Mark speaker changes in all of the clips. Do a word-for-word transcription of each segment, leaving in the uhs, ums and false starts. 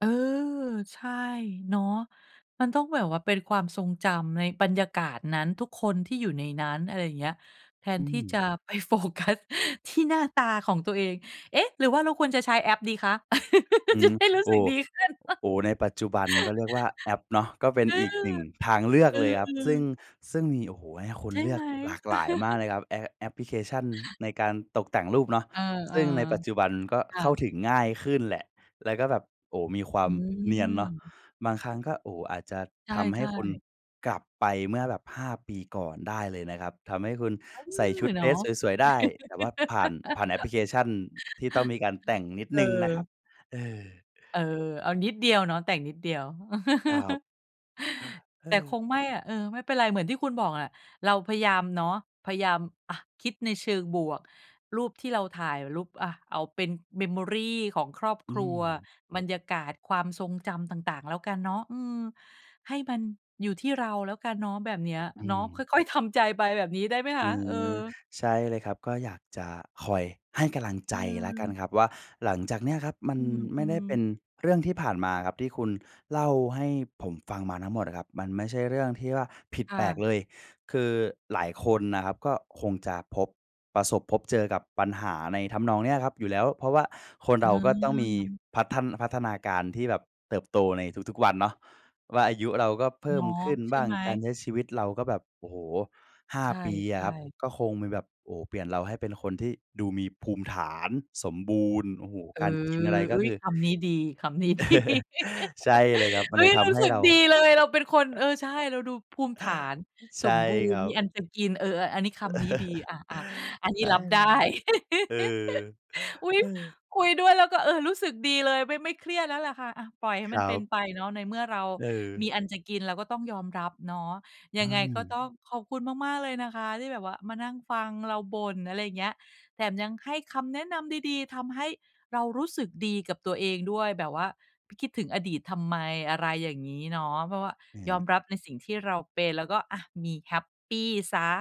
Speaker 1: เออ ใช่เนาะ มันต้องแบบว่าเป็นความทรงจำในบรรยากาศนั้น ทุกคนที่อยู่ในนั้น อะไรอย่างเงี้ย แท
Speaker 2: อ
Speaker 1: น
Speaker 2: ื
Speaker 1: ที่จ
Speaker 2: ม
Speaker 1: ะ ไปโฟกัส ที่หน้าตาของตัวเอง เอ๊ะ! หรือว่าเราควรจะใช้แอปดีคะ
Speaker 2: อื
Speaker 1: จะ
Speaker 2: ม
Speaker 1: ได้รู้
Speaker 2: โอ้
Speaker 1: สึ
Speaker 2: โ
Speaker 1: ก
Speaker 2: ฮ อ
Speaker 1: ดีขึ้น
Speaker 2: โอ้โฮ ในปัจจุบันก็เรียกว่าแอปเนาะ ก็เป็น
Speaker 1: เออ
Speaker 2: อีกหนึ่งทางเลือก
Speaker 1: อื
Speaker 2: เลยครับ
Speaker 1: ม
Speaker 2: ซึ่ง
Speaker 1: ๆ
Speaker 2: ซึ่งมี โอ้โฮ ให้ค
Speaker 1: ใ
Speaker 2: น
Speaker 1: ช่
Speaker 2: เลื
Speaker 1: ไห
Speaker 2: อ
Speaker 1: ม?
Speaker 2: กหลากหลายมากเลยครับ แอป แอปพลิเคชันในการตกแต่งรูปเนาะ
Speaker 1: เออ
Speaker 2: ซึ่งในปัจจุบันก็
Speaker 1: ๆ ค่
Speaker 2: เข้า
Speaker 1: ะ
Speaker 2: ถึงง่ายขึ้นแหละ แล้วก็แบบ โอ้โฮ มีควา
Speaker 1: อื
Speaker 2: มเนียนเนาะ
Speaker 1: ม
Speaker 2: บางครั้งก็ โอ้โฮ อาจจะ
Speaker 1: ใช
Speaker 2: ทำให้
Speaker 1: ่
Speaker 2: คน
Speaker 1: ๆ
Speaker 2: กลับไปเมื่อแบบ ห้า ปีก่อนได้เลยนะครับ ทำให้คุณ
Speaker 1: อื
Speaker 2: ใส่ช
Speaker 1: อ
Speaker 2: ุด
Speaker 1: เ
Speaker 2: เ
Speaker 1: น
Speaker 2: ด
Speaker 1: า
Speaker 2: ร
Speaker 1: ะ
Speaker 2: สสวย ๆ ได้ แต่ว่าผ่าน ผ่านแอปพลิเคชั่นที่ต้องมีการแต่งนิด
Speaker 1: เอ
Speaker 2: ห
Speaker 1: อ
Speaker 2: นึ่งนะครับ เออ
Speaker 1: เออ เอานิดเดียวเนาะ แต่งนิดเดียว
Speaker 2: ครับ อา เอ
Speaker 1: แต่ค
Speaker 2: อ
Speaker 1: งไม่อะ เออ ไม่เป็นไร เหมือนที่คุณบอกอะ เราพยายามเนาะ พยายาม อะ คิดในเชิงบวก รูปที่เราถ่าย รูป อะ เอาเป็น Memory ของครอบ
Speaker 2: อื
Speaker 1: ครัว
Speaker 2: ม
Speaker 1: บรรยากาศ ความทรงจำต่าง ๆ แล้วกันเนาะ อืม ให้มันอยู่ที่เราแล้วกันเนาะ แบบเนี้ย
Speaker 2: อื
Speaker 1: เนาะ
Speaker 2: ม
Speaker 1: ค่อย ๆ ทำใจไปแบบนี้ได้ไหมค
Speaker 2: อื
Speaker 1: ะ? เอ
Speaker 2: ม
Speaker 1: อ
Speaker 2: ใช่เลยครับ ก็อยากจะคอยให้กำลังใ
Speaker 1: อ
Speaker 2: จ
Speaker 1: ื
Speaker 2: แล้วกัน
Speaker 1: ม
Speaker 2: ครับว่า หลังจากเนี้ยครับ มัน
Speaker 1: อ
Speaker 2: ไม
Speaker 1: ื
Speaker 2: ่ได้
Speaker 1: ม
Speaker 2: เป็
Speaker 1: ๆ
Speaker 2: นเรื่องที่ผ่านมาครับ ที่คุณเล่าให้ผมฟังมาทั้งหมดอะครับ มันไม่ใช่เรื่องที่ว่าผิด
Speaker 1: ค่
Speaker 2: แปลก
Speaker 1: ะ
Speaker 2: เลย คือหลายคนนะครับ ก็คงจะพบ ประสบพบเจอกับปัญหาในทำนองเนี้ยครับอยู่แล้ว เพราะว่าคนเราก็ต้องมี
Speaker 1: เออ
Speaker 2: พัฒ พัฒนาการที่แบบเติบโตในทุก ๆ วันเนาะว่า อายุเราก็เพ
Speaker 1: เ
Speaker 2: ิ่
Speaker 1: นา
Speaker 2: ม
Speaker 1: ะ
Speaker 2: ขึ้น
Speaker 1: ใช
Speaker 2: บ
Speaker 1: ่
Speaker 2: ้า
Speaker 1: ไ
Speaker 2: ง
Speaker 1: หม?
Speaker 2: การใช้ชีวิตเราก็แบบ โอ้โฮ ห้า
Speaker 1: ใช
Speaker 2: ปีอะค
Speaker 1: ่
Speaker 2: รับ
Speaker 1: ๆ
Speaker 2: ก็คงมีแบบ โอ้โฮ เปลี่ยนเราให้เป็นคนที่ดูมีภูมิฐาน สมบูรณ์ โอ้โฮ
Speaker 1: เอ
Speaker 2: การกินอะไร
Speaker 1: อ
Speaker 2: ก
Speaker 1: เฮ
Speaker 2: ็
Speaker 1: ้
Speaker 2: ค
Speaker 1: ย
Speaker 2: ือ
Speaker 1: คำนี้ดี คำนี้ดี
Speaker 2: ใช่เลยครับ มั
Speaker 1: เฮ
Speaker 2: นเ
Speaker 1: ้
Speaker 2: ล
Speaker 1: ย
Speaker 2: ยท
Speaker 1: รู
Speaker 2: ำใ
Speaker 1: ้
Speaker 2: ห้
Speaker 1: สึก
Speaker 2: เรา
Speaker 1: ดีเลย เราเป็นคน
Speaker 2: อ
Speaker 1: เออ ใช่ เราดูภูมิฐาน
Speaker 2: ใช
Speaker 1: ส
Speaker 2: ่
Speaker 1: มบู
Speaker 2: ค
Speaker 1: ร
Speaker 2: ร
Speaker 1: ณ์
Speaker 2: ั
Speaker 1: มี
Speaker 2: บ
Speaker 1: อันจะกิน เออ อัน อันนี้ คำนี้ดี อะ อะ อันน
Speaker 2: ใช
Speaker 1: ี้
Speaker 2: ่
Speaker 1: รับได้
Speaker 2: ครับ เออ
Speaker 1: อุ๊ย
Speaker 2: เออ
Speaker 1: คุยด้วยแล้วก็ เออ รู้สึกดีเลย ไม่ ไม่เครียดแล้วแหละค่ะ อะ ปล่อยให้
Speaker 2: ค
Speaker 1: มั
Speaker 2: ร
Speaker 1: น
Speaker 2: ั
Speaker 1: เป็น
Speaker 2: บ
Speaker 1: ไปเนาะ ในเมื่อเรา
Speaker 2: เ
Speaker 1: ม
Speaker 2: ออ
Speaker 1: ีอันจะกิน เราก็ต้องยอมรับเนาะ ย
Speaker 2: อื
Speaker 1: ังไงก็
Speaker 2: ม
Speaker 1: ต้องขอบคุณมาก ๆ เลยนะคะ ที่แบบว่ามานั่งฟังเราบ่น อะไรอย่างเงี้ย แถมยังให้คำแนะนำดี ๆ ทำให้เรารู้สึกดีกับตัวเองด้วย แบบว่าไปคิดถึงอดีตทำไม อะไรอย่างงี้เนาะ เพราะว่า
Speaker 2: อื
Speaker 1: ยอ
Speaker 2: ม
Speaker 1: มรับในสิ่งที่เราเป็น แล้วก็ อะ มีแฮปปีเสีย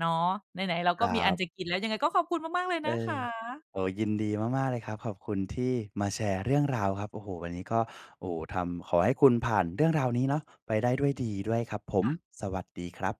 Speaker 1: เนาะ ไหน ๆ เรา
Speaker 2: ค
Speaker 1: ก็
Speaker 2: รั
Speaker 1: มีอัน
Speaker 2: บ
Speaker 1: จะกินแล้ว ยังไงก็ขอบคุณมาก ๆ เลย
Speaker 2: เอ
Speaker 1: นะค
Speaker 2: อ
Speaker 1: ะ
Speaker 2: โอ้โฮ ยินดีมาก ๆ เลยครับ ขอบคุณที่มาแชร์เรื่องราวครับ โอ้โฮ วันนี้ก็ โอ้โฮ ทำ ขอให้คุณผ่านเรื่องราวนี้เนาะ ไปได้ด้วยดีด้วยครับผม
Speaker 1: ค่ะ
Speaker 2: สวัสดีครับ